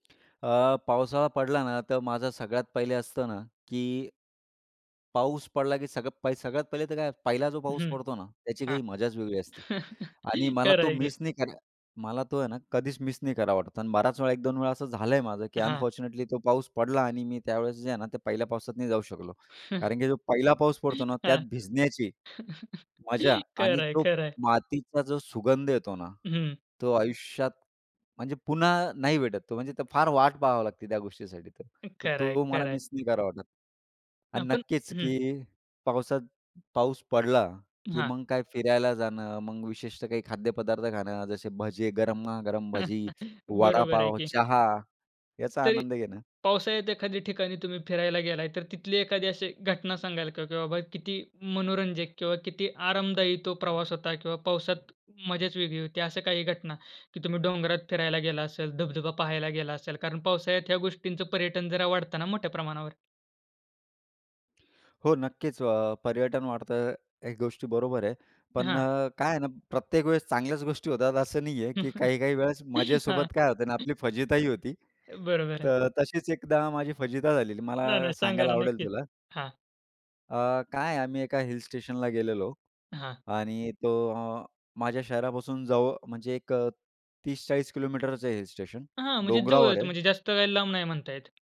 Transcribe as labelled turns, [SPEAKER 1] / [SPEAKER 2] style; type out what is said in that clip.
[SPEAKER 1] अ, पावसाळा पडला ना, तर माझं सगळ्यात पहिले असतं ना की पाऊस पडला, की सगळ सगळ्यात पहिले तर काय? पहिला जो पाऊस
[SPEAKER 2] हं.
[SPEAKER 1] पडतो ना, त्याची
[SPEAKER 2] हां.
[SPEAKER 1] काही मजाच वेगळी असते. आणि मला तो
[SPEAKER 2] खरंय की.
[SPEAKER 1] मिस नाही करा मला तो आहे ना, कधीच मिस नाही करावा वाटत. आणि बराच वेळा 1-2 वेळा असं झालंय माझं की
[SPEAKER 2] हां.
[SPEAKER 1] अनफॉर्च्युनेटली तो पाऊस पडला आणि मी त्यावेळेस जे आहे ना, ते पहिल्या पावसात नाही जाऊ शकलो कारण की जो पहिला पाऊस पडतो ना, त्यात
[SPEAKER 2] हां.
[SPEAKER 1] भिजण्याची मजा आणि
[SPEAKER 2] खरंय,
[SPEAKER 1] तो
[SPEAKER 2] खरंय.
[SPEAKER 1] मातीचा जो सुगंध येतो ना,
[SPEAKER 2] हं.
[SPEAKER 1] तो आयुष्यात म्हणजे पुन्हा नाही भेटत तो. म्हणजे तर फार वाट पाहावी लागते त्या गोष्टीसाठी तर. तर
[SPEAKER 2] खरंय,
[SPEAKER 1] तो मला
[SPEAKER 2] खरंय.
[SPEAKER 1] मिस नाही करावा वाटत.
[SPEAKER 2] अ,
[SPEAKER 1] आणि
[SPEAKER 2] पण
[SPEAKER 1] नक्कीच
[SPEAKER 2] हं.
[SPEAKER 1] की पावसात पाऊस पडला, की
[SPEAKER 2] हां.
[SPEAKER 1] मग काय फिरायला जाणं, मग विशेषतः काही खाद्यपदार्थ खाणं, जसे भजे, गरमा-गरम भजी,
[SPEAKER 2] बरोबर आहे
[SPEAKER 1] वडापाव,
[SPEAKER 2] की.
[SPEAKER 1] चहा याचा
[SPEAKER 2] तरी
[SPEAKER 1] आनंद घेणं.
[SPEAKER 2] पावसाळ्यात एखाद्या ठिकाणी तुम्ही फिरायला गेलाय, तर तिथली एखादी अशी घटना सांगाल का? की बाबा किती मनोरंजक किंवा किती आरामदायी तो प्रवास होता किंवा पावसात मजाच वेगळी होती. अशा काही घटना की तुम्ही डोंगरात फिरायला गेला असेल, धबधबा पाहायला गेला असाल कारण पावसाळ्यात ह्या गोष्टींचं पर्यटन जरा वाढत ना मोठ्या प्रमाणावर.
[SPEAKER 1] हो, नक्कीच अ, पर्यटन वाढतं हे गोष्टी बरोबर आहे. पण
[SPEAKER 2] हां.
[SPEAKER 1] अ, काय आहे ना, प्रत्येक वेळेस चांगल्याच गोष्टी होतात असं नाहीये, की काही-काही वेळेस
[SPEAKER 2] हां.
[SPEAKER 1] मजेसोबत काय होत ना, आपली फजितीही होती.
[SPEAKER 2] बरोबर आहे.
[SPEAKER 1] तर तशीच एकदा माझी फजिती झालेली.
[SPEAKER 2] नाही,
[SPEAKER 1] मला
[SPEAKER 2] नाही सांगा
[SPEAKER 1] सांगायला
[SPEAKER 2] ना,
[SPEAKER 1] आवडेल
[SPEAKER 2] नक्कीच.
[SPEAKER 1] तुला.
[SPEAKER 2] हां.
[SPEAKER 1] अ, काय आहे. आम्ही एका हिल स्टेशनला गेलेलो
[SPEAKER 2] हां.
[SPEAKER 1] आणि तो माझ्या शहरापासून जव म्हणजे एक अ, 30-40 किलोमीटरचं आहे हिल स्टेशन.
[SPEAKER 2] हां, म्हणजे
[SPEAKER 1] डोंगरावर
[SPEAKER 2] जवळच
[SPEAKER 1] आहे.
[SPEAKER 2] म्हणजे जास्त काही लांब नाही म्हणता येत.